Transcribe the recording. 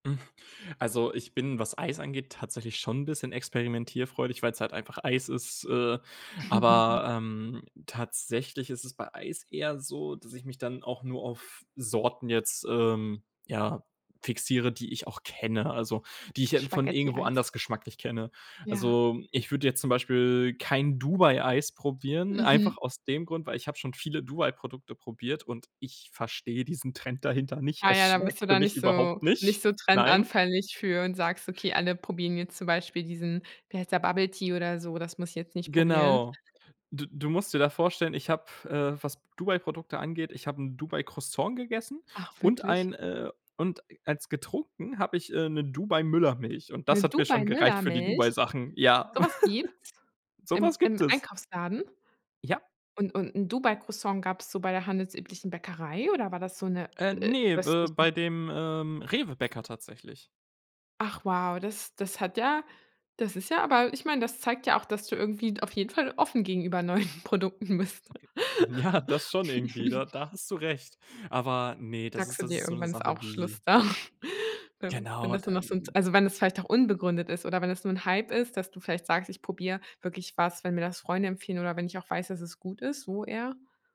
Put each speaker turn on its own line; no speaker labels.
Also, ich bin, was Eis angeht, tatsächlich schon 'n bisschen experimentierfreudig, weil's halt einfach Eis ist, äh. Aber, ähm, tatsächlich ist es bei Eis eher so, dass ich mich dann auch nur auf Sorten jetzt, ähm, ja, fixiere, die ich auch kenne, also die ich, äh, von irgendwo
Spaghetti-Eis.
anders geschmacklich kenne.
Ja.
Also, ich würde jetzt zum Beispiel kein Dubai-Eis probieren,
Mhm.
einfach aus dem Grund, weil ich hab schon viele Dubai-Produkte probiert, und ich verstehe diesen Trend dahinter nicht.
Ah
Es
ja, dann
schmeckt
bist du
für
da
mich
nicht
überhaupt
so nicht
nicht,
so
nein.
trendanfällig für und sagst: „Okay, alle probieren jetzt zum Beispiel diesen, wie heißt der, Bubble-Tea oder so, das muss ich jetzt nicht probieren.“
Genau. D du musst dir da vorstellen, ich habe, äh, was Dubai-Produkte angeht ich hab 'n Dubai-Croissant gegessen
Ach
und
wirklich?
ein, äh, und als getrunken hab ich, äh, 'ne Dubai-Müllermilch, und das
'Ne
hat mir schon gereicht für die
Dubai-Müllermilch?
Dubai-Sachen. Ja,,
Sowas gibt's?
So
Im
was gibt
im
es.
Einkaufsladen?
Ja.
Und und 'n Dubai-Croissant gab es so bei der handelsüblichen Bäckerei oder war das so 'ne
Äh, ne, äh,
östliche?
bei dem, ähm, Rewe-Bäcker tatsächlich.
Ach wow, das das hat ja das ist ja aber ich meine, das zeigt ja auch, dass du irgendwie d auf jeden Fall offen gegenüber neuen Produkten bist.
[unintelligible] Ja, das schon irgendwie, da da hast du recht. Aber, ne, das
Sagst
ist
du
das
dir,
ist so 'ne
irgendwann ist
Sache,
auch
die
Schluss da, wenn wenn
Genau,
das nur noch
dann
so 'n
d
also wenn es vielleicht auch unbegründet ist oder wenn es nur 'n Hype ist, dass du vielleicht sagst: „Ich probier wirklich was, wenn mir das Freunde empfehlen oder wenn ich auch weiß, dass es gut ist“, so eher?